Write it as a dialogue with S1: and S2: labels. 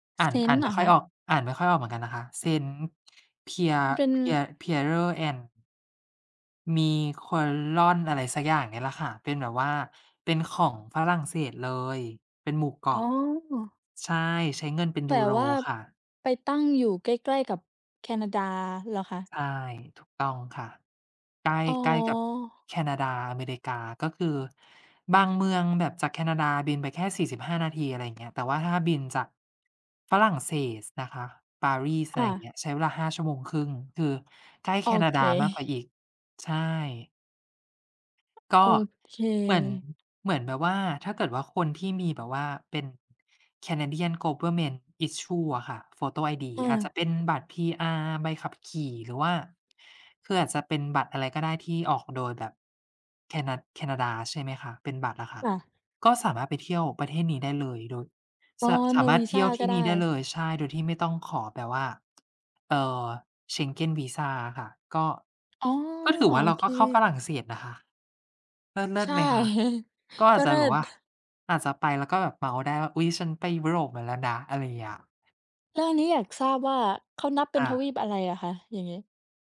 S1: อ่าน อ่า
S2: Saint
S1: น
S2: เ
S1: ไ
S2: ห
S1: ม
S2: ร
S1: ่
S2: อ
S1: ค่
S2: ค
S1: อย
S2: ะ?
S1: ออก อ่านไม่ค่อยออกเหมือนกันนะคะ Saint Pier
S2: มันเป็น
S1: Pier Pierre and Miquelon อะไรสักอย่างเนี่ยแหละค่ะ เป็นแบบว่าเป็นของฝรั่งเศสเลย เป็นหมู่เกา
S2: อ๋
S1: ะ
S2: อ
S1: ใช่ ใช้เงินเป็น
S2: แ
S1: ย
S2: ต
S1: ู
S2: ่
S1: โร
S2: ว่า
S1: ค่ะ
S2: ไปตั้งอยู่ใกล้ ๆ กับแคนาดาเหรอคะ?
S1: ใช่ ถูกต้องค่ะ ใกล้
S2: อ๋
S1: ใกล้กับ
S2: อ
S1: แคนาดา อเมริกา ก็คือ บางเมืองแบบจากแคนาดาบินไปแค่ 45 นาที อะไรอย่างเงี้ย แต่ว่าถ้าบินจาก ฝรั่งเศสนะคะ ปารีส อ
S2: ค
S1: ะไ
S2: ่
S1: รอย่า
S2: ะ
S1: งเงี้ย ใช้เวลา 5 ชั่วโมง 1/2 คือใกล้
S2: โ
S1: แ
S2: อ
S1: คนา
S2: เค
S1: ดามากกว่าอีก ใช่ ก
S2: โอ
S1: ็
S2: เ
S1: เหมือน
S2: ค
S1: เหมือนแบบว่าถ้าเกิดว่า คนที่มีแบบว่าเป็น Canadian Government Issue อะค่ะ photo id
S2: เ
S1: อาจจะ
S2: ออ
S1: เป็นบัตร PR ใบขับขี่ หรือว่า คืออาจจะเป็นบัตรอะไรก็ได้ที่ออกโดยแบบแคนา แคนาดา ใช่ไหมคะ เป็นบัตรอะค่ะ
S2: ค่ะ
S1: ก็สามารถไปเที่ยวประเทศนี้ได้เลย โดย
S2: อ๋
S1: ส
S2: อ
S1: สา
S2: no
S1: มารถเที่
S2: visa
S1: ยวท
S2: ก
S1: ี
S2: ็
S1: ่
S2: ได
S1: นี่ได้เ
S2: ้
S1: ลย ใช่ โดยที่ไม่ต้องขอแบบว่า เอ่อ Schengen visa อะค่ะ ก็
S2: อ๋อ
S1: ก็ถือ
S2: โอ
S1: ว่า เรา
S2: เค
S1: ก็เข้าฝรั่งเศสนะคะ เลิ
S2: ใช
S1: ศ ๆ
S2: ่
S1: ไหมคะ ก็อ
S2: ก
S1: า
S2: ็
S1: จจ
S2: เ
S1: ะ
S2: ลิ
S1: แบบว่า
S2: ศ
S1: อาจจะไปแล้วก็แบบเมาท์ได้ว่า อุ๊ย ฉันไปยุโรปมาแล้วนะ อะไรอย่างเงี้ย
S2: แล้วอันนี้อยากทราบว่าเขานับเป็
S1: ค
S2: น
S1: ่
S2: ทว
S1: ะ
S2: ีปอะไรอะคะอย่างงี้?